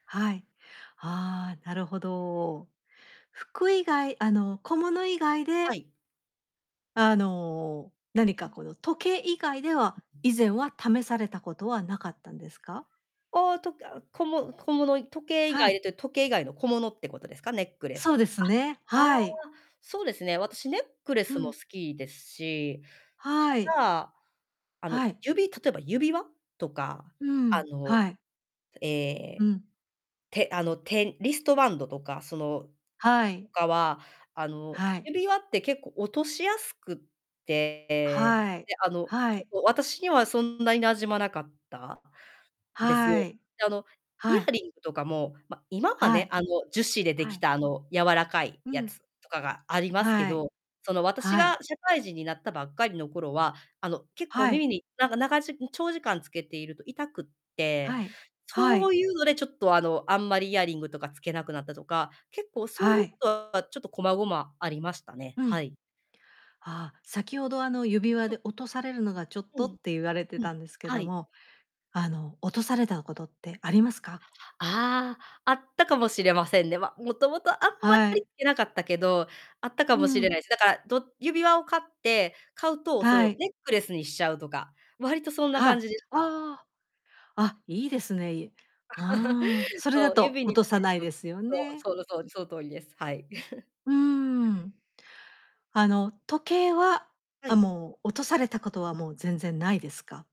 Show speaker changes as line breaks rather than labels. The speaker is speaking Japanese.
はい。ああ、なるほど。服以外、あの、小物以外
は
で
い。
あの、何かこの、時計以外では、
ううん。
以前は試されたことは無かったんですか？
ああ、とけあ、こも小物、い時計以
は
外で
い。
って、時計以外の小物ってことですか？ネックレ
そ
ス
うですね、
あ、ああ、
はい。
そうですね、私、ネックレ
う
スも
ん。
好きですし、
はい。
ただ、あの、
はい。
指例えば指輪とか、
うー
あ
ん、
の、
はい。
え
う
え、
ん。
手あの、手リストバンドとか、その、
は
と
い。
かは、あの、
はい。
指輪って結構落としやすくて、ええ、
はい。
で、あの、
は
ちょっ
い。
と私にはそんなに馴染まなかったです
は
よ。
い。
で、あの、イ
は
ヤ
い。
リングとかも、ま、今は
は
ね、
い。
あの、樹脂でで
は
き
い。
た、あの、柔らかい
う
や
ん。
つとかがありますけ
はい。
ど、その、私
はい。
が社会人になったばっかりの頃は、あの、結構
はい。
耳に、なんか、ながじ長時間つけていると痛くって、
はい。は
そ
い。
ういうのでちょっと、あの、あんまりイヤリングとかつけなくなったとか、結構そうい
は
うこ
い。
とは、ちょっと、こまごまありましたね、
う
は
ん。
い。
あ、先ほど、あの、指輪
うん。
で、落とされるのがちょっ
う
と
ん、
って言われて
うん、
たんですけ
は
ど
い。
も、あの、落とされたことってありますか？
ああ、あったかもしれませんね。ま、元々あんま
はい。
りけなかったけど、あったか
う
もしれ
ん。
ないす。だから、ど指輪を買って買うと、そ
は
の、
い。
ネックレスにしちゃうとか、割とそんな
は
感
い。
じでした。
ああ。あ、いいですね、いああ、それだ
そう、
と
指
落
につ
とさ
ける
ない
と、
ですよね。
そう、その通り、その通りです。はい。
うーん。あの、時計は、
は
あ、
い。
もう、落とされたことは、もう全然ないですか？